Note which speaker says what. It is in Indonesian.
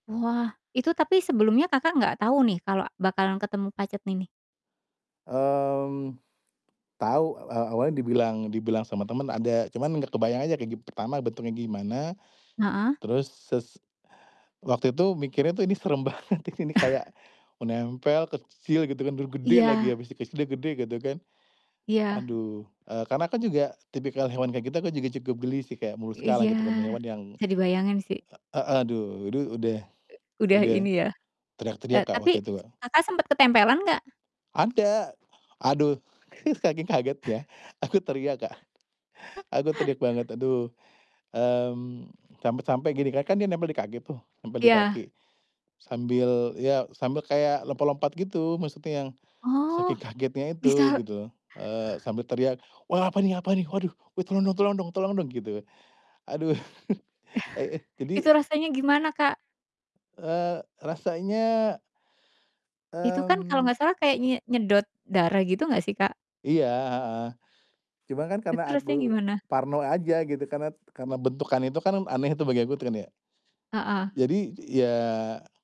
Speaker 1: Wah. Itu tapi sebelumnya Kakak nggak tau nih kalau bakalan ketemu pacet ini?
Speaker 2: Mmm, tau. E awalnya dibilang dibilang sama temen ada, cuman gak kebayang aja kayak gim pertama bentuknya gimana,
Speaker 1: Heeh.
Speaker 2: terus ses waktu itu mikirnya tuh ini serem banget, ti ini kayak menempel, kecil, gitu kan, udah gede lagi
Speaker 1: Iya.
Speaker 2: habis dikasih dia gede gak tuh kan.
Speaker 1: Iya.
Speaker 2: Aduh. Eee karena kan juga, tipikal hewan kayak gitu aku juga cukup geli sih, Kak, moluska
Speaker 1: Iya,
Speaker 2: gitu kan. Hewan yang
Speaker 1: bisa dibayangin sih.
Speaker 2: a aduh, udu udah
Speaker 1: E udah
Speaker 2: udah
Speaker 1: ini ya. E
Speaker 2: teriak-teriak Kak,
Speaker 1: tapi
Speaker 2: waktu itu Kak.
Speaker 1: Kakak sempet ketempelan gak?
Speaker 2: Ada! Aduh, saking kaget ya, aku teriak Kak. Aku teriak banget, aduh. Mmm, sampai-sampai gini kan, kan dia nempel di kaki tuh, nempel di
Speaker 1: Iya.
Speaker 2: kaki. Sambil, ya sambil kayak lompat-lompat gitu, maksudnya yang saking
Speaker 1: Oh,
Speaker 2: kagetnya itu
Speaker 1: misal
Speaker 2: gitu. Eee sambil teriak, "Wah apa nih apa nih, waduh. Eh, tolong dong tolong dong tolong dong!" gitu. Aduh, e eh,
Speaker 1: Itu
Speaker 2: jadi
Speaker 1: rasanya gimana Kak?
Speaker 2: Eee, rasanya
Speaker 1: Itu kan, kalo
Speaker 2: mmm
Speaker 1: gak salah kayak nye nyedot darah gitu gak sih Kak?
Speaker 2: Iya, heeh, cuma kan karena
Speaker 1: Itu rasanya
Speaker 2: aku
Speaker 1: gimana?
Speaker 2: parno aja gitu, karena t karena bentukan itu kan, aneh itu bagi aku kan ya,
Speaker 1: Heeh.
Speaker 2: jadi ya